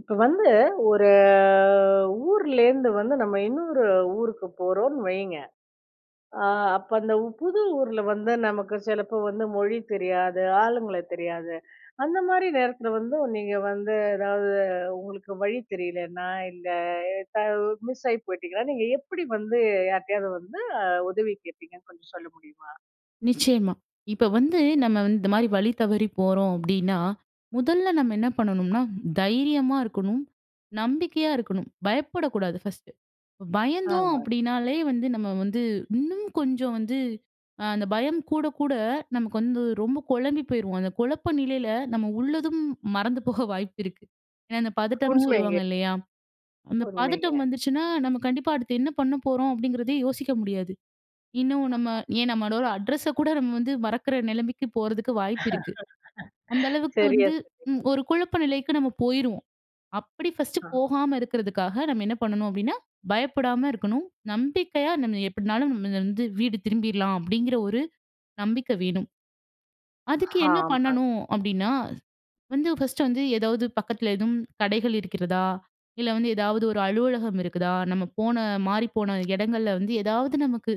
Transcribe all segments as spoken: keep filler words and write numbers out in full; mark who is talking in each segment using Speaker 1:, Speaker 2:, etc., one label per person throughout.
Speaker 1: இப்ப வந்து ஒரு ஊர்லேருந்து வந்து நம்ம இன்னொரு ஊருக்கு போறோம்ன்னு வைங்க. அ அப்ப அந்த உ புது ஊர்ல வந்து நமக்கு சிலப்ப வந்து மொழி தெரியாது, ஆளுங்கள தெரியாது. அந்த மாரி நேரத்தில வந்து நீங்க வந்து எதாவது உங்களுக்கு வழி தெரியலன்னா இந்த எ த மிஸ் ஆயி போயிட்டிங்கன்னா, நீங்க எப்படி வந்து யார்ட்டயாவது வந்து அ உதவி கேட்பீங்கன்னு கொஞ்சம் சொல்ல முடியுமா?
Speaker 2: நிச்சயமா. இப்ப வந்து நம்ம வந்து இந்த மாதிரி வழி தவறி போறோம் அப்படின்னா, முதல்ல நம்ம என்ன பண்ணணும்னா தைரியமா இருக்கணும். நம்பிக்கையா இருக்கணும். பயப்படக்கூடாது ஃபர்ஸ்ட்டு. பயந்தோம்
Speaker 1: ஆமா.
Speaker 2: அப்படினாலே வந்து நம்ம வந்து, இன்னும் கொஞ்சம் வந்து அ அந்த பயம் கூட கூட நமக்கு வந்து ரொம்ப குழம்பி போயிருவோம். அந்த குழப்ப நிலையில நம்ம உள்ளதும், மறந்து போக வாய்ப்பு இருக்கு. ஏனா அந்த பதட்டம்னு
Speaker 1: உண்மைங்க.
Speaker 2: சொல்லுவாங்க இல்லையா? அந்த
Speaker 1: உண்மைங்க.
Speaker 2: பதட்டம் வந்துருச்சுன்னா, நம்ம கண்டிப்பா அடுத்து என்ன பண்ண போறோம் அப்படிங்கிறதே யோசிக்க முடியாது. இன்னும் நம்ம ஏன் நம்மளோட அட்ரச கூட நம்ம வந்து மறக்கிற நிலைமைக்கு போறதுக்கு வாய்ப்பு இருக்கு. அந்த அளவுக்கு
Speaker 1: சரியா
Speaker 2: வந்து.
Speaker 1: சொன்னீங்க.
Speaker 2: ம். ஒரு குழப்ப நிலைக்கு நம்ம போயிருவோம். அப்படி ஃபர்ஸ்ட்டு
Speaker 1: ஆ.
Speaker 2: போகாம இருக்கிறதுக்காக நம்ம என்ன பண்ணணும் அப்படின்னா, பயப்படாம இருக்கணும். நம்பிக்கையா நம்ம எப்படினாலும் நம்ம வந்து வீடு திரும்பிரலாம் அப்படிங்கிற ஒரு நம்பிக்கை வேணும். அதுக்கு என்ன
Speaker 1: ஹாமாங்க.
Speaker 2: பண்ணணும் அப்படின்னா, வந்து ஃபர்ஸ்ட்டு வந்து ஏதாவது பக்கத்தில எதுவும் கடைகள் இருக்கிறதா? இல்ல வந்து ஏதாவது ஒரு அலுவலகம் இருக்குதா? நம்ம போன, மாறி போன இடங்கள்ல வந்து ஏதாவது நமக்கு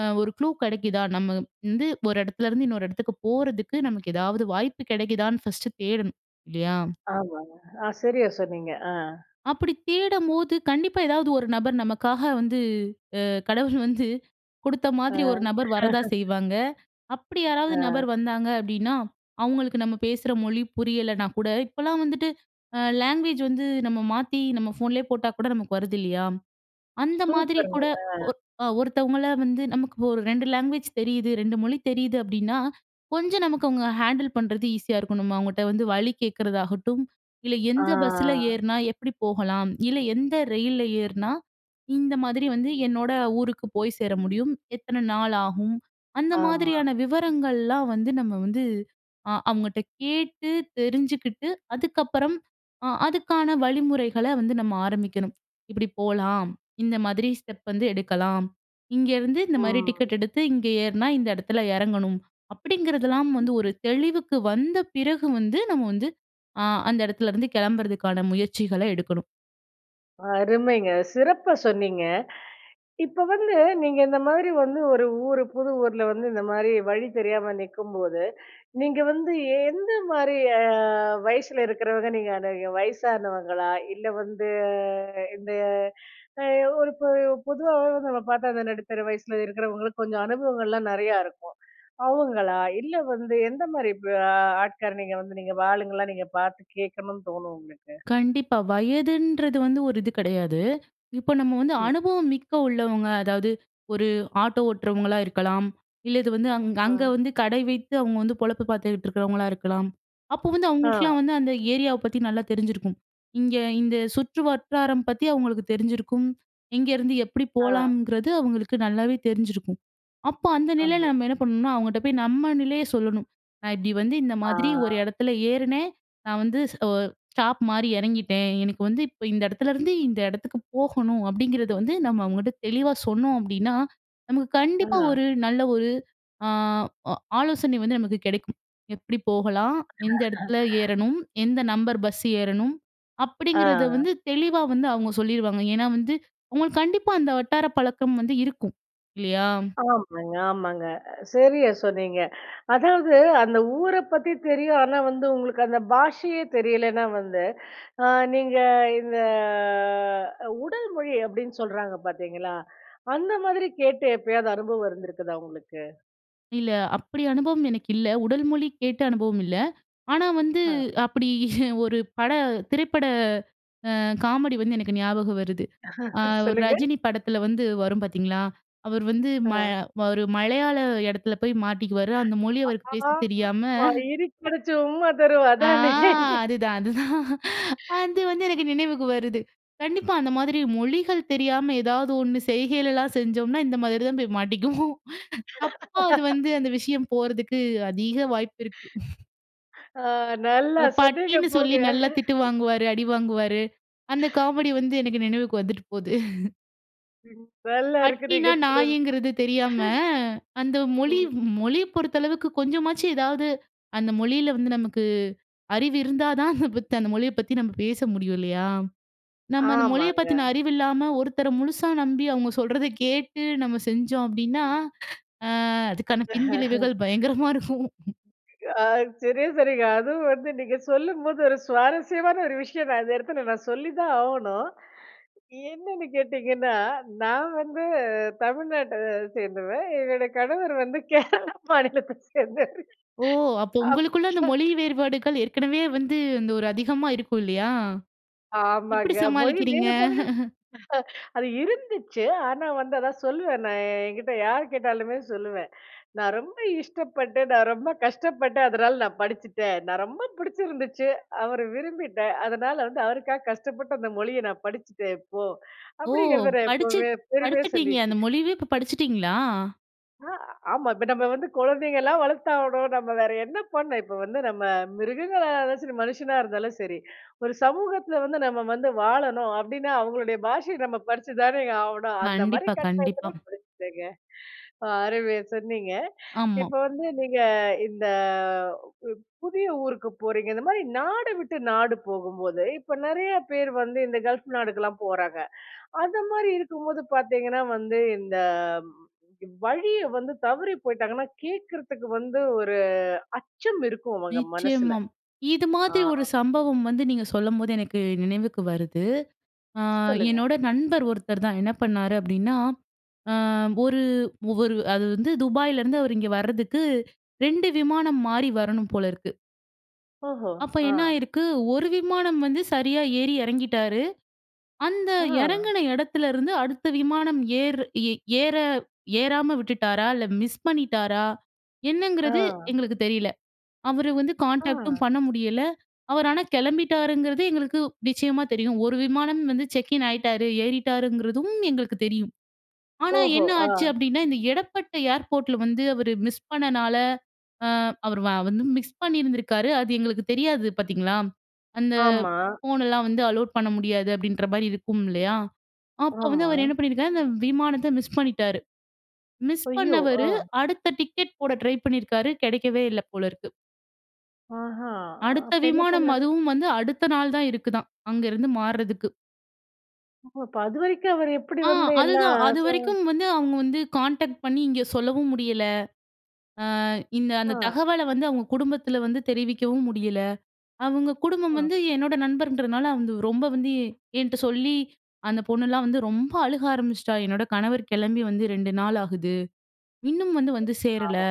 Speaker 2: அ ஒரு க்ளூ கெடைக்குதா? நம்ம வந்து ஒரு இடத்துலேருந்து இன்னொரு இடத்துக்கு போறதுக்கு, நமக்கு ஏதாவது வாய்ப்பு கிடைக்குதான்னு ஃபர்ஸ்ட்டு தேடணும் இல்லையா?
Speaker 1: ஆமாங்க. ஆ சரியா சொன்னீங்க. அ.
Speaker 2: அப்படி தேடும்போது கண்டிப்பா ஏதாவது ஒரு நபர், நமக்காக வந்து அ கடவுள் வந்து குடுத்த
Speaker 1: அ.
Speaker 2: மாதிரி ஒரு நபர் வரதா செய்வாங்க. அப்படி யாராவது
Speaker 1: அ.
Speaker 2: நபர் வந்தாங்க அப்படின்னா, அவங்களுக்கு நம்ம பேசற மொழி புரியலனா கூட இப்போலாம் வந்துட்டு அ லேங்குவேஜ் வந்து நம்ம மாத்தி நம்ம ஃபோன்லே போட்டா கூட நமக்கு வருது இல்லியா? அந்த மாதிரி
Speaker 1: சூப்பர்ங்க.
Speaker 2: கூட
Speaker 1: அ.
Speaker 2: ஒ அ ஒருத்தவங்களை வந்து நமக்கு ஒரு ரெண்டு லாங்குவேஜ் தெரியுது, ரெண்டு மொழி தெரியுது அப்படின்னா, கொஞ்சம் நமக்கு அவங்க ஹேண்டில் பண்றது ஈஸியா இருக்கணும். அவங்கள்ட்ட வந்து வழி கேட்கறதாகட்டும். இல்ல, எந்த பஸ்ஸில
Speaker 1: ஆ.
Speaker 2: ஏற்னா எப்படி போகலாம்? இல்ல எந்த ரெயில்ல ஏற்னா இந்த மாதிரி வந்து என்னோட ஊருக்கு போய் சேர முடியும்? எத்தன நாள் ஆகும்? அந்த
Speaker 1: ஆமா.
Speaker 2: மாதிரியான விவரங்கள்லாம் வந்து நம்ம வந்து அ அவங்கட்ட கேட்டு தெரிஞ்சுக்கிட்டு அதுக்கப்பறம் அ அதுக்கான வழிமுறைகள வந்து நம்ம ஆரம்பிக்கணும். இப்படி போலாம். இந்த மாதிரி ஸ்டெப் வந்து எடுக்கலாம். இங்கேருந்து இந்த மாரி
Speaker 1: அ.
Speaker 2: டிக்கெட் எடுத்து இங்க ஏறினா இந்த இடத்தில இறங்கணும். அப்படிங்கிறதெல்லாம் வந்து ஒரு தெளிவுக்கு வந்த பிறகு வந்து நம்ம வந்து அ அந்த இடத்துலேருந்து கிளம்புறதுக்கான முயற்சிகளை எடுக்கணும்.
Speaker 1: அருமைங்க! சிறப்பா சொன்னீங்க. இப்போ வந்து நீங்க இந்த மாதிரி ஒரு ஊரு புது ஊர்ல வந்து இந்த மாதிரி வழி தெரியாம நிக்கும் போது, நீங்க வந்து ஏந்த மாரி அ வயசுல இருக்குறவர அணுகுவீங்க? வயசானவங்களா? இல்ல வந்து இந்த அ ஒரு பொ பொதுவாவே நம்ம பார்த்தா அந்த நடுத்தர வயசுல இருக்குறவங்களுக்கு கொஞ்சம் அனுபவங்கள்லாம் நெறைய இருக்கும். அவங்களா? இல்ல வந்து எந்த மாரி வ ஆட்கள் நீங்க வந்து நீங்க ஆளுங்கள்லாம் நீங்க பாத்து கேக்கணும்னு தோணும் உங்களுக்கு?
Speaker 2: கண்டிப்பா. வயதுன்றது வந்து ஒரு இது கிடையாது. இப்போ நம்ம வந்து
Speaker 1: ம்.
Speaker 2: அனுபவம் மிக்க உள்ளவங்க, அதாவது ஒரு ஆட்டோ ஓட்றவங்களா இருக்கலாம். இல்ல இது வந்து
Speaker 1: ஆ.
Speaker 2: அங்க வந்து கடை வைத்து அவங்க பொழப்பு பார்த்துட்டு இருக்கறவங்களா இருக்கலாம். அப்போ வந்து
Speaker 1: ஆ.
Speaker 2: அவங்களுக்கெல்லாம் வந்து அந்த ஏரியாவ பத்தி நல்லா தெரிஞ்சிருக்கும். இங்க இந்த சுற்று வட்டாரம் பத்தி அவங்களுக்கு தெரிஞ்சிருக்கும். எங்கிருந்து எப்படி
Speaker 1: ஆ.
Speaker 2: போலாம்ங்குறது அவங்களுக்கு நல்லாவே தெரிஞ்சிருக்கும். அப்போ அந்த
Speaker 1: ஆமா.
Speaker 2: நிலைல நம்ம என்ன பண்ணனும்னா, அவங்ககிட்ட போய் நம்ம நிலையை சொல்லணும். நான் இப்டி வந்து இந்த மாதிரி ஒரு
Speaker 1: ஆ.
Speaker 2: இடத்துல ஏறுனேன், நான் வந்து ஒ ஸ்டாப் மாறி இறங்கிட்டேன். எனக்கு வந்து இப்ப இந்த இடத்துல இருந்து, இந்த இடத்துக்குப் போகணும் அப்டிங்கறது வந்து நம்ம அவங்ககிட்ட தெளிவா சொன்னோம் அப்டின்னா, நமக்கு கண்டிப்பா
Speaker 1: ஆ.
Speaker 2: ஒரு நல்ல ஒரு அ அ ஆலோசனை வந்து நமக்கு கிடைக்கும். எப்படி போகலாம்? எந்த இடத்துல ஏறணும்? எந்த நம்பர் பஸ் ஏறணும்? அப்டிங்கிறது
Speaker 1: ஆ.
Speaker 2: வந்து தெளிவா வந்து அவங்க சொல்லிருவாங்க. ஏனா வந்து அவங்களுக்கு கண்டிப்பா அந்த வட்டார பழக்கம் வந்து இருக்கும் இல்லியா?
Speaker 1: ஆமாங்க. ஆமாங்க. அ சரியா சொன்னீங்க. அதாவது அந்த ஊர பத்தி தெரியும், ஆனா வந்து உங்களுக்கு அந்த பாஷையே தெரியலேன்னா வந்து, அ நீங்க இந்த உடல் மொழி அப்டின்னு சொல்றாங்க பாத்தீங்களா? அந்த மாதிரி கேட்டு எப்பயாவது அனுபவம் இருந்திருக்குதா உங்களுக்கு?
Speaker 2: இல்ல. அப்டி அனுபவம் எனக்கு இல்ல. உடல் மொழி கேட்ட அனுபவம் இல்ல. ஆனா வந்து,
Speaker 1: ஆ.
Speaker 2: அப்டி ஒரு பட திரைப்பட அ காமெடி வந்து எனக்கு ஞாபகம் வருது. அ ஒரு
Speaker 1: சொல்லுங்க.
Speaker 2: ரஜினி படத்தில வந்து வரும் பார்த்தீங்களா, அவர் வந்து மல
Speaker 1: ஆ.
Speaker 2: ஒரு மலையாள இடத்தில போய் மாட்டிக்குவாரு. அந்த மொழியை அவருக்கு பேச தெரியாம.
Speaker 1: ஆமாமா "இருக்கி பிடிச்சு ஒரு உம்மா தரும்"
Speaker 2: ஆ!
Speaker 1: அதானே!
Speaker 2: அதுதான், அதுதான். அது வந்து எனக்கு நினைவுக்கு வருது. கண்டிப்பா அந்த மாதிரி மொழிகள் தெரியாம ஏதாவது ஒண்ணு செய்கைகள்லாம் செஞ்சோம்னா இந்த மாதிரி தான் போய் மாட்டிக்குவோம். தப்பா அது வந்து அந்த விஷயம் போறதுக்கு அதிக வாய்ப்பு இருக்கு.
Speaker 1: ஆ, நல்லா
Speaker 2: ஒரு
Speaker 1: சொன்னீங்க
Speaker 2: பட்டின்னு சொல்லி
Speaker 1: போங்க.
Speaker 2: நல்லா திட்டு வாங்குவாரு, அடி வாங்குவாரு. அந்த காமெடி வந்து எனக்கு நினைவுக்கு வந்துட்டு போது.
Speaker 1: நல்லா இருக்கு நீங்க
Speaker 2: பட்டினா
Speaker 1: சொன்னது.
Speaker 2: நாய்ங்கிறது தெரியாம, அந்த மொழி,
Speaker 1: ம்.
Speaker 2: மொழிய பொறுத்தளவுக்கு கொஞ்சமாச்சும் ஏதாவது அந்த மொழில வந்து நமக்கு அறிவு இருந்தா தான் அத பத்தி அந்த மொழிய பத்தி நம்ம பேச முடியும் இல்லையா? நம்ம அந்த மொழிய
Speaker 1: ஆமாங்க.
Speaker 2: பத்தின அறிவு இல்லாம, ஒருத்தர முழுசா நம்பி, அவங்க சொல்றத கேட்டு நம்ம செஞ்சோம் அப்படின்னா, அ அதுக்கான பின்விளைவுகள் பயங்கரமா இருக்கும்.
Speaker 1: ஆ சரியா சொன்னீங்க. அதுவும் வந்து நீங்க சொல்லும்போது ஒரு சுவாரஸ்யமான ஒரு விஷயம் நான் இந்த இடத்தில நான் சொல்லி தான் ஆவணும். என்னன்னு கேட்டிங்கன்னா, நான் வந்து தமிழ்நாட்ட சேர்ந்தவ, என்னோட கணவர் வந்து கேரளா மாநிலத்த சேர்ந்தவரு.
Speaker 2: ஓ! அப்போ
Speaker 1: அப்
Speaker 2: உங்களுக்குள்ள அந்த
Speaker 1: சர்
Speaker 2: மொழி வேறுபாடுகள் ஏற்கனவே வந்து, இந்த ஒரு அதிகமா இருக்கும் இல்லையா? எப்டி
Speaker 1: ஆமாங்க. மொழி
Speaker 2: சமாளிக்கிறீங்க?
Speaker 1: வேறுபாடுகள், அது இருந்துச்சு. ஆனா வந்து அதான் சொல்லுவேன், நான் என்கிட்ட யார் கேட்டாலுமே சொல்லுவேன். "நான் ரொம்ப இஷ்டப்பட்டு, நான் ரொம்ப கஷ்டப்பட்டேன் அதனால நான் படிச்சுட்டேன். நான் ரொம்ப பிடிச்சிருந்துச்சு, அவர விரும்பிட்டேன். அதனால வந்து அவருக்காக கஷ்டப்பட்டு அந்த மொழிய நான் படிச்சுட்டேன் இப்போ."
Speaker 2: ஓ!
Speaker 1: அப்டிங்கிறத நான்
Speaker 2: படிச்சு
Speaker 1: எப்பவுமே பெருமையா
Speaker 2: படிச்சுட்டீங்க. அந்த
Speaker 1: சொல்லிக்குவேன்.
Speaker 2: மொழியவே இப்போ படிச்சுட்டீங்களா?
Speaker 1: ஆ ஆமா. இப்ப நம்ம வந்து குழந்தைங்கலாம் வளர்த்தாவணும். நம்ம வேற என்ன பண்ண? இப்ப வந்து நம்ம மிருகங்களா அதாச்சும் சரி, மனுஷனா இருந்தாலும் சரி. ஒரு சமூகத்துல வந்து நம்ம வந்து வாழணும் அப்பிடின்னா, அவுங்களுடைய பாஷைய நம்ம படிச்சு தானே ஆவணும். அந்த மாரி
Speaker 2: கண்டிப்பா, கண்டிப்பா.
Speaker 1: கட்டாயத்தில படிச்சிட்டேங்க. அ அருமையா சொன்னீங்க.
Speaker 2: ஆமா.
Speaker 1: இப்ப வந்து நீங்க இந்த பு புதிய ஊருக்கு போறீங்க. இந்த மாதிரி நாடு விட்டு நாடு போகும்போதுm இப்ப நிறைய பேர் வந்து இந்த கல்ஃப் நாடுக்கெல்லாம் போறாங்க. அந்த மாரி இருக்கும்போது பார்த்தீங்கன்னா வந்து, இந்த வழிய வந்து தவறி போய்ட்டாங்கன்னா, கேட்கிறதுக்கு வந்து ஒரு அச்சம் இருக்கும் அவுங்க மனசில.
Speaker 2: நிச்சயமாம். இது
Speaker 1: ஆ.
Speaker 2: மாதிரி ஒரு சம்பவம் வந்து நீங்க சொல்லும்போது எனக்கு நினைவுக்கு வருது. அ
Speaker 1: சொல்லுங்க.
Speaker 2: என்னோட நண்பர் ஒருத்தர் தான். என்ன பண்ணாரு அப்பிடின்னா, அ ஒரு ஒரு அது வந்து துபாயிலருந்து அவரு இங்க வர்றதுக்கு ரெண்டு விமானம் மாறி வரணும் போல இருக்கு.
Speaker 1: ஓஹோ!
Speaker 2: அப்ப
Speaker 1: ஆ.
Speaker 2: என்ன ஆயிருக்கு ஒரு விமானம் வந்து சரியா ஏறி இறங்கிட்டாரு. அந்த
Speaker 1: ஆ.
Speaker 2: இறங்குன இடத்துலருந்து அடுத்த விமானம் ஏர் ஏ ஏற ஏறாம விட்டுட்டாரா! இல்ல மிஸ் பண்ணிட்டாரா எண்ணங்கிறது
Speaker 1: ஆ.
Speaker 2: எங்களுக்கு தெரியல. அவரு வந்து கான்டாக்ட்
Speaker 1: ஆ.
Speaker 2: டும் பண்ண முடியல அவர் ஆனா கிளம்பிட்டாருங்கிறது எங்களுக்கு நிச்சயமா தெரியும். ஒரு விமானம் வந்து செக்கின் ஆயிட்டாரு. ஏறிட்டாருங்கிறதும் எங்களுக்கு தெரியும். ஆனா
Speaker 1: ஓஹோ!
Speaker 2: என்ன ஆச்சு
Speaker 1: ஆ.
Speaker 2: அப்பிடின்னா இந்த இடப்பட்ட ஏர்போர்ட்டில வந்து, அவர் மிஸ் பண்ணனால, அ அவர் வ வந்து மிஸ் பண்ணியிருந்திருக்காரு. அது எங்களுக்கு தெரியாது பார்த்தீங்களா? அந்த
Speaker 1: ஆமா.
Speaker 2: ஃபோனெல்லாம் வந்து அலோவ் பண்ண முடியாது, அப்பிடின்றமாரி இருக்கும் இல்லயா? அப்போ வந்து
Speaker 1: ஆமா.
Speaker 2: அவரு என்ன பண்ணியிருக்காரு, அந்த விமானத்த மிஸ் பண்ணிட்டாரு. மிஸ்
Speaker 1: ஐயோ! ஆ
Speaker 2: பண்ணவரு அடுத்த டிக்கெட் போட ட்ரை பண்ணியிருக்காரு. கிடைக்கவே இல்ல போல இருக்கு.
Speaker 1: ஆஹா!
Speaker 2: அடுத்த
Speaker 1: அப்ப
Speaker 2: விமானம்,
Speaker 1: என்னபண்ணாரு?
Speaker 2: அதுவும் வந்து அடுத்த நாள் தான் இருக்குதாம். அங்க இருந்து மாறுறதுக்கு.
Speaker 1: ஓ! அப்ப அதுவரைக்கும் அவரு எப்படி
Speaker 2: ஆ
Speaker 1: வந்து எல்லாம்
Speaker 2: அதுதான்.
Speaker 1: ஆ சொ
Speaker 2: அதுவரைக்கும் வந்து அவங்க வந்து கான்டேக்ட் பண்ணி இங்க சொல்லவும் முடியல. அ இந்த அந்த
Speaker 1: அ.
Speaker 2: தகவலை வந்து அவங்க குடும்பத்தில வந்து தெரிவிக்கவும் முடியல. அவங்க குடும்பம்
Speaker 1: அ.
Speaker 2: வந்து என்னோட நண்பர்ன்றதுனால வந்து ரொம்ப வந்து, எ என்ட்ட சொல்லி அந்த பொண்ணுலாம் வந்து ரொம்ப அழுக ஆரம்பிச்சுட்டா. "என்னோட கணவர் கெளம்பி வந்து ரெண்டு நாள் ஆகுது. இன்னும் வந்து, வந்து சேரல"
Speaker 1: ஆமா.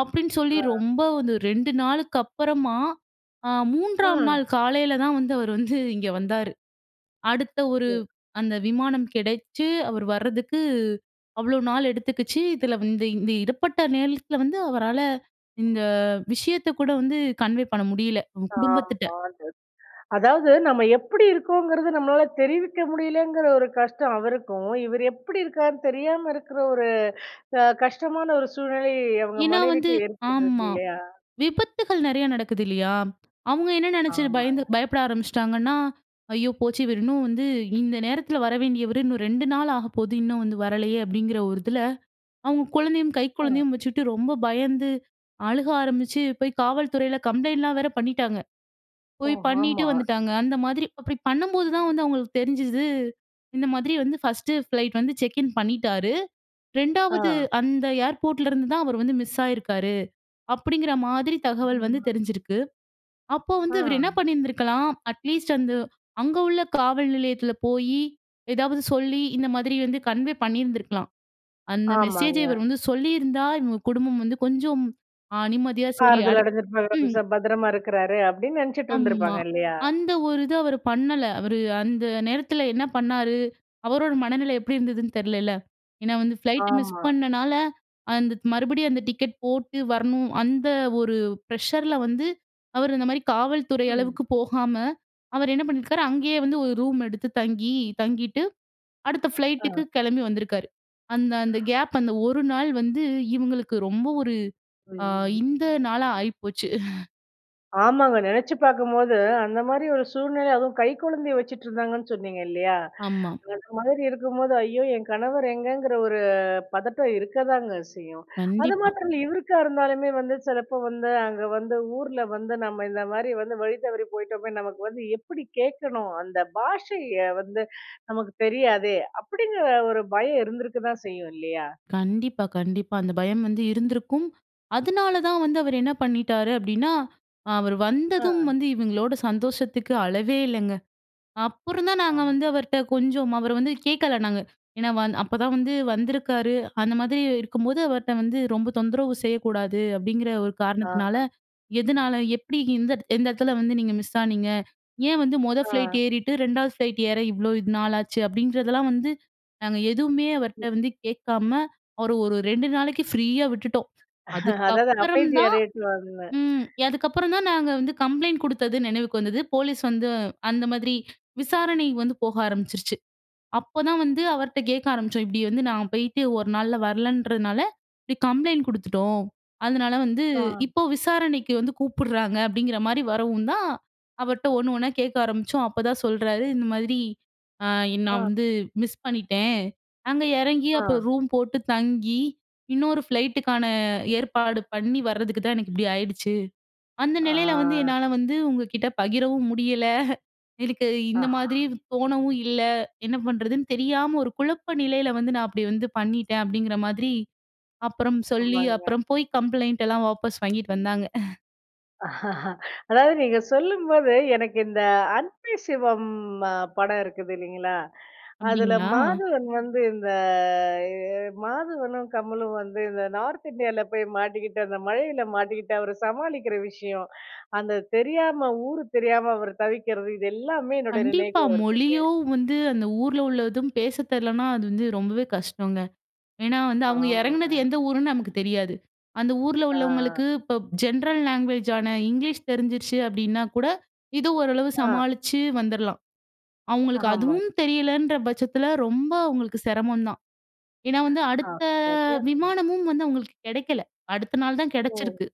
Speaker 2: அப்படீன்னு சொல்லி
Speaker 1: ஆ.
Speaker 2: ரொம்ப வந்து ரெண்டு நாளுக்கு அப்பறமா, அ மூன்றாம்
Speaker 1: ம்.
Speaker 2: நாள் காலைல தான் வந்து, அவர் வந்து இங்க வந்தாரு. அடுத்த ஒரு
Speaker 1: சரி.
Speaker 2: அந்த விமானம் கெடைச்சு அவரு வர்றதுக்கு, அவ்வளோ நாள் எடுத்துக்கிச்சு. இதில வந்து, இந்த இந்த இடப்பட்ட நேரத்துல வந்து, அவரால இந்த
Speaker 1: [unintelligible]
Speaker 2: விஷயத்தை கூட வந்து கன்வே பண்ண முடியல. அவங்க குடும்பத்திட்ட.
Speaker 1: ஆமாங்க. அதாவது, நம்ம எப்புடி இருகோங்கிறது, நம்மளால தெரிவிக்க முடியலங்குற ஒரு கஷ்டம் அவருக்கும், இவரு எப்படி இருக்கார்ன்னு தெரியாம இருக்குற ஒரு அ கஷ்டமான ஒரு சூழ்நிலை, அவங்க
Speaker 2: ஏன்னா வந்து
Speaker 1: மனைவிக்கும் ஏற்படுது
Speaker 2: ஆமா.
Speaker 1: இல்லையா?
Speaker 2: விபத்துகள் நெறையா நடக்குது இல்லையா? அவங்க என்ன நெனைச்சு பயந்து
Speaker 1: ஆமாங்க.
Speaker 2: பயப்பட ஆரம்பிச்சுட்டாங்கன்னா, "ஐயோ போச்சு! இவரின்னும் வந்து இந்த நேரத்தில வர வேண்டியவரு, இன்னும் ரெண்டு நாள் ஆகப்போகுது, இன்னும் வந்து வரலயே." அப்படீங்கிற ஒரு இதில, அவங்க குழந்தையும் கை
Speaker 1: அ.
Speaker 2: குழந்தையும் வச்சுட்டு ரொம்ப பயந்து, அழுக ஆரம்பிச்சு, போய் காவல்துறைல கம்ப்ளைண்ட்லாம் வேற பண்ணீட்டாங்க.
Speaker 1: ஓ!
Speaker 2: போய் பண்ணீட்டு
Speaker 1: ஹாமா.
Speaker 2: வந்துட்டாங்க. அந்த மாதிரி அப்படி பண்ணம்போது தான் வந்து அவங்களுக்கு தெரிஞ்சுது, "இந்த மாதிரி வந்து ஃபர்ஸ்ட்டு ஃபிளைட் வந்து செக்கின் பண்ணீட்டாரு. ரெண்டாவது
Speaker 1: ஆ.
Speaker 2: அந்த ஏர்போர்ட்லருந்து தான் அவர் வந்து மிஸ் ஆயிருக்காரு." அப்படீங்கிற மாதிரி தகவல் வந்து
Speaker 1: [unintelligible]
Speaker 2: தெரிஞ்சிருக்கு. அப்போ வந்து
Speaker 1: ஆ.
Speaker 2: இவரு என்னா பண்ணீருந்திருக்கலாம், அட்லீஸ்ட் அந்த அங்க உள்ள காவல் நிலையத்தில போயி, எதாவது சொல்லி, இந்த மாதிரி வந்து கன்வே பண்ணிருந்திருக்கலாம். அந்த மெசேஜ
Speaker 1: ஆமாங்க.
Speaker 2: இவரு வந்து சொல்லியிருந்தா, இவங்க குடும்பம் வந்து கொஞ்சம் அ நிம்மதியா, சரி
Speaker 1: ஆறுதல்
Speaker 2: அடுத்
Speaker 1: அடஞ்சிருப்பாங்க. "அப்ப ச
Speaker 2: ம்.
Speaker 1: பத்திரமா இருக்குறாரு" அப்டீன்னு நெனைச்சிட்டு
Speaker 2: அம்மா.
Speaker 1: இருந்திருப்பாங்க, இல்லையா?
Speaker 2: அந்த ஒரு இத அவரு பண்ணல. அவரு அந்த நேரத்தில என்ன பண்ணாரு, அவரோட மனநிலை எப்படி இருந்துதுன்னு தெர்லல்ல. ஏன்னா வந்து ஃப்ளைட்ட மிஸ்
Speaker 1: ஆமா.
Speaker 2: பண்ணனால, அந்த மறுபடியும் அந்த டிக்கெட் போட்டு வரணும். அந்த ஒரு ப்ரெஷர்ல வந்து, அவரு அந்த மாரி காவல்துறை
Speaker 1: ம்.
Speaker 2: அளவுக்கு போகாம, அவர் என்ன பண்ணிருக்காரு, அங்கயே வந்து ஒரு ரூம் எடுத்து தங்கி தங்கிட்டு, அடுத்த
Speaker 1: ஆ.
Speaker 2: ஃப்ளைட்டுக்கு கெளம்பி வந்திருக்காரு. அந்த அந்த கேப் அந்த ஒரு நாள் வந்து, இவுங்களுக்கு ரொம்ப ஒரு அ
Speaker 1: அய்யய்யோ!
Speaker 2: இந்த நாளா ஆயிப்போச்சு.
Speaker 1: ஆமாங்க. நெனைச்சி பார்க்கும்போது அந்த மாதிரி ஒரு சூழ்நிலை அதுவும் கை குழந்தைய வச்சுட்ருந்தாங்கன்னு சொன்னீங்க, இல்லையா?
Speaker 2: ஆமா.
Speaker 1: அந்த மாதிரி இருக்கும்போது "ஐயோ! என் கணவர் எங்கங்கிற ஒரு பதட்டம் இருக்கதாங்க செய்யும்" அது
Speaker 2: கண்டிப்பா.
Speaker 1: மாத்தரம் இல்ல. இவருக்கா இருந்தாலுமே வந்து சிலப்போ வந்து, அங்க வந்து ஊர்ல வந்து, "நம்ம இந்த மாதிரி வந்து வழி தவறி போயிட்டோமே, நமக்கு வந்து எப்பிடி கேட்கணும்? அந்த பாஷைய வந்து நமக்கு தெரியாதே!" அப்பிடிங்கிற ஒரு பயம் இருந்திருக்க தான் செய்யும், இல்லயா?
Speaker 2: கண்டிப்பா, கண்டிப்பா. அந்த பயம் வந்து இருந்திருக்கும். அதனால தான் வந்து அவரு என்ன பண்ணிட்டாரு அப்பிடின்னா, அவரு வந்ததும்
Speaker 1: ஆ.
Speaker 2: வந்து இவங்களோட சந்தோஷத்துக்கு அளவே இல்லங்க. அப்புறந்தான் நாங்க
Speaker 1: ஆமா.
Speaker 2: வந்து அவர்ட்ட கொஞ்சம் அவர வந்து கேட்கல நாங்க. ஏன்னா, வந் அப்ப தான் வந்து வந்திருக்காரு. அந்த மாதிரி இருக்கும்போது அவர்ட்ட வந்து ரொம்ப தொந்தரவு செய்யக்கூடாது அப்பிடிங்கிற ஒரு
Speaker 1: ஆ,
Speaker 2: காரணத்தினால,
Speaker 1: ஆ.
Speaker 2: "எதனால? எப்பிடி? இந்த எந்த இடத்தில வந்து நீங்க மிஸ் ஆனீங்க? ஏன் வந்து மொத
Speaker 1: ஆ.
Speaker 2: ஃப்ளைட் ஏறிட்டு, ரெண்டாவது ஃப்ளைட் ஏற இவ்ளோ இது நாள் ஆச்சு?" அப்பிடின்றதெல்லாம் வந்து நாங்க எதுவுமே அவர்கிட்ட வந்து கேட்காம, அவர ஒரு, ரெண்டு நாளைக்கு ஃப்ரீயா விட்டுட்டோம்.
Speaker 1: அதாவது
Speaker 2: அதுக்கப்புறம்
Speaker 1: அமைதியா
Speaker 2: தான்
Speaker 1: இரு [unintelligible]
Speaker 2: ம் அதுக்கப்புறந்தான் நாங்க வந்து கம்ப்ளைண்ட் கொடுத்தது நினைவுக்கு வந்தது. போலீஸ் வந்து, அந்த மாதிரி விசாரணை வந்து போக ஆரம்பிச்சுருச்சு. அப்போ தான் வந்து அவர்ட்ட கேட்க ஆரம்பிச்சோம். இப்பிடி வந்து நான் போய்ட்டு ஒரு நாள்ல வரலன்றதுனால, இப்பிடி கம்ப்ளைண்ட் குடுத்துட்டோம். அதனால வந்து
Speaker 1: ஆ.
Speaker 2: இப்போ விசாரணைக்கு வந்து கூப்பிடுறாங்க. அப்பிடிங்கிற மாரி வரவும் தான் அவர்ட்ட ஒண்ணு ஒண்ணா கேட்க ஆரம்பிச்சோம். அப்போ தான் சொல்றாரு, இந்த மாதிரி அ "நான்
Speaker 1: அ
Speaker 2: வந்து மிஸ் பண்ணிட்டேன். அங்க இறங்கி அப்போ
Speaker 1: ஆ.
Speaker 2: ரூம் போட்டு தங்கி, இன்னொரு ஃப்ளைட்டு க்கான ஏற்பாடு பண்ணி வர்றதுக்கு தான் எனக்கு இப்பிடி ஆயிடுச்சு. அந்த நிலையில வந்து என்னால
Speaker 1: ஆ.
Speaker 2: வந்து உங்கக்கிட்ட பகிரவும் முடியல எனக்கு
Speaker 1: அ.
Speaker 2: இந்த மாதிரி தோணவும் இல்ல. என்ன பண்றதுன்னு தெரியாம ஒரு குழப்ப நிலையில வந்து நான் அப்பிடி வந்து பண்ணிட்டேன்". அப்பிடிங்கிற மாதிரி அப்புறம் சொல்லி
Speaker 1: ஆமாங்க.
Speaker 2: அப்புறம் போய் கம்ப்ளைண்ட் லாம் வாபஸ் வாங்கிட்டு வந்தாங்க
Speaker 1: அதாவது நீங்க சொல்லும்போது எனக்கு இந்த அன்பே சிவம் அ படம் இருக்குது இல்லிங்களா? அதுல
Speaker 2: அப்டிங்களா?
Speaker 1: மாதவன் வந்து இந்த எ மாதவனும் கமலும் வந்து இந்த நார்த் இண்டியால போய் மாட்டிக்கிட்டு, அந்த மழயில மாட்டிக்கிட்டு அவர சமாளிக்குற விஷயம், அந்த தெரியாம ஊரு தெரியாம அவர் தவிக்குறது. இது எல்லாமே என்னுடைய
Speaker 2: கண்டிப்பா!
Speaker 1: நினைவுக்கு வருதுங்க.
Speaker 2: மொழியும் வந்து, அந்த ஊர்ல உள்ளதும் பேச தெர்லன்னா, அது வந்து ரொம்பவே கஷ்டங்க. ஏன்னா, வந்து அவுங்க
Speaker 1: ஆமாங்க.
Speaker 2: எறங்குனது எந்த ஊருன்னு நமக்கு தெரியாது. அந்த ஊர்ல
Speaker 1: ஆ.
Speaker 2: உள்ளவங்களுக்கு இப்போ ஜென்ரல் லாங்குவேஜான இங்லீஷ் தெரிஞ்சிருச்சு அப்படீன்னா கூட இது ஓரளவு
Speaker 1: ஆ.
Speaker 2: சமாளிச்சு வந்துரலாம். அவுங்களுக்கு
Speaker 1: ஆமா.
Speaker 2: அதுவும் தெரியலன்ற பச்சத்துல, ரொம்ப அவுங்களுக்கு சிரமம் தான். ஏன்னா, வந்து
Speaker 1: ஆ
Speaker 2: அடுத்த
Speaker 1: சரியா, சொன்னீ
Speaker 2: விமானமும் வந்து அவுங்களுக்கு கெடைக்கல. அடுத்த நாள் தான்
Speaker 1: ஓ!
Speaker 2: கெடச்சிருக்கு.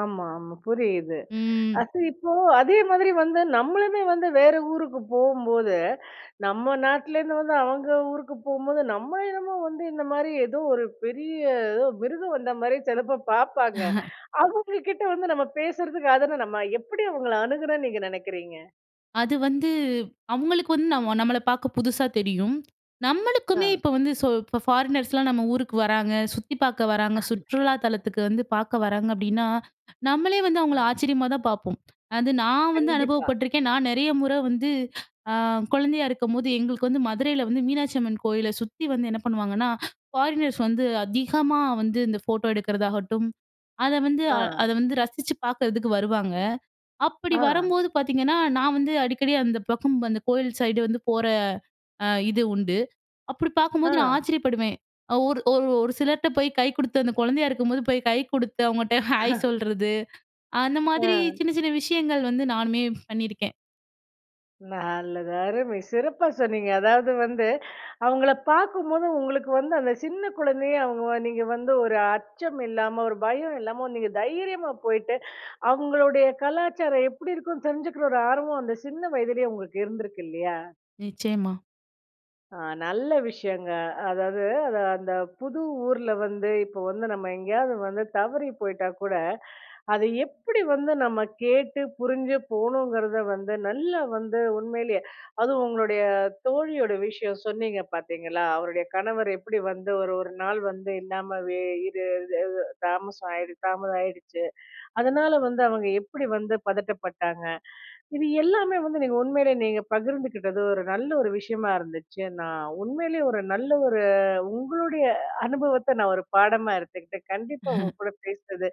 Speaker 1: ஆமா, ஆமா புரியுது.
Speaker 2: ம்.
Speaker 1: அது இப்போ அதே மாரி வந்து நம்மளுமே வந்து வேற ஊருக்கு போம்போது, நம்ம நாட்டுலேருந்து வந்து அவங்க ஊருக்கு போகும்போது நம்ம என்னமோ வந்து, இந்த மாரி ஏதோ ஒரு பெரிய, ஏதோ மிருகம் வந்த மாதிரி சிலப்ப பாப்பாங்க. அவுங்க கிட்ட வந்து நம்ம பேசுறதுக்கு அதான நம்ப எப்படி அவுங்கள அணுகணும்ன்னு நீங்க நெனைக்கிறீங்க?
Speaker 2: அது வந்து அவுங்களுக்கு வந்து நம்ம நம்மள பார்க்க புதுசா தெரியும்.
Speaker 1: ஆ.
Speaker 2: நம்மளுக்குமே இப்ப வந்து சோ இப்ப ஃபாரினர்ஸ்லாம் நம்ம ஊருக்கு வராங்க. சுத்திப் பார்க்க வராங்க. சுற்றுலா தலத்துக்கு வந்து பார்க்க வராங்க அப்பிடின்னா, நம்மளே வந்து அவுங்கள
Speaker 1: ஆ.
Speaker 2: ஆச்சரியமா தான் பார்ப்போம். அது நான் வந்து
Speaker 1: கண்டிப்பா.
Speaker 2: அனுபவப்பட்டுருக்கேன். நான் நிறைய முற வந்து அ குழந்தையா இருக்கும்போது, எங்களுக்கு வந்து மதுரையில வந்து மீனாட்சி அம்மன் கோயில சுத்தி வந்து என்ன பண்ணுவாங்கன்னா, ஃபாரினர்ஸ் வந்து அதிகமா வந்து இந்த ஃபோட்டோ எடுக்கிறதாகட்டும், அத வந்து,
Speaker 1: ஆ.
Speaker 2: அ அத வந்து ரசிச்சு பார்க்கறதுக்கு வருவாங்க. அப்பிடி
Speaker 1: ஆ.
Speaker 2: வரும்போது பார்த்தீங்கன்னா, நான் வந்து அடிக்கடி அந்த பக்கம் அந்த கோவில் சைடு வந்து போற, அ இது உண்டு. அப்பிடி
Speaker 1: ஆ.
Speaker 2: பார்க்கும்போது, நான் ஆச்சரியப்படுவேன். ஒரு, ஒரு ஒரு சிலர்ட்ட போய் கை குடுத்து அந்த குழந்தையா இருக்கும்போது போய் கை கொடுத்து அவங்கட்ட ஹாய்! சொல்றது. அந்த மாதிரி
Speaker 1: ஆ.
Speaker 2: சின்ன சின்ன விஷயங்கள் வந்து நானுமே பண்ணியிருக்கேன்.
Speaker 1: நல்லது. அருமை சிறப்பா சொன்னீங்க. அதாவது வந்து, அவுங்கள பார்க்கும்போது உங்களுக்கு வந்து அந்த சின்ன குழந்தைய அவுங்க வ நீங்க வந்து ஒரு அச்சம் இல்லாம, ஒரு பயம் இல்லாம நீங்க தைரியமா போயிட்டு, அவுங்களுடைய கலாச்சாரம் எப்பிடி இருக்குன்னு தெரிஞ்சுக்கிற ஒரு ஆர்வம் அந்த சின்ன வயதிலே உங்களுக்கு இருந்திருக்கு இல்லையா!
Speaker 2: நிச்சயமா.
Speaker 1: ஆ. நல்ல விஷயங்க. அதாவது அது அந்த புது ஊர்ல வந்து இப்போ வந்து நம்ம எங்கேயாவது வந்து தவறி போயிட்டாகூட, அது எப்பிடி வந்து நம்ம கேட்டு புரிஞ்சு போகணுங்கிறத வந்து நல்லா வந்து உண்மையிலேயே, அதுவும் உங்களுடைய தோழியோட விஷயம் சொன்னீங்க பார்த்தீங்களா! அவருடைய கணவர் எப்பிடி வந்து ஒரு ஒரு நாள் வந்து இல்லாமவே அது இது, இது தாமசம் ஆயிடு, தாமதம் ஆயிடுச்சு. அதனால வந்து அவுங்க எப்பிடி வந்து பதட்டப்பட்டாங்க. இது எல்லாமே வந்து நீங்க உண்மையிலயே நீங்க பகிர்ந்துக்கிட்டது ஒரு நல்ல ஒரு விஷயமா இருந்துச்சு. நான் உண்மையிலே ஒரு நல்ல ஒரு உங்களுடைய அனுபவத்த நான் ஒரு பாடமா எடுத்துக்கிட்டேன். கண்டிப்பா உங்க கூட பேசுனது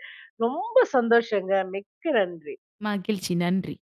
Speaker 1: ரொம்ப சந்தோஷங்க. மிக்க நன்றி.
Speaker 2: மகிழ்ச்சி. நன்றி.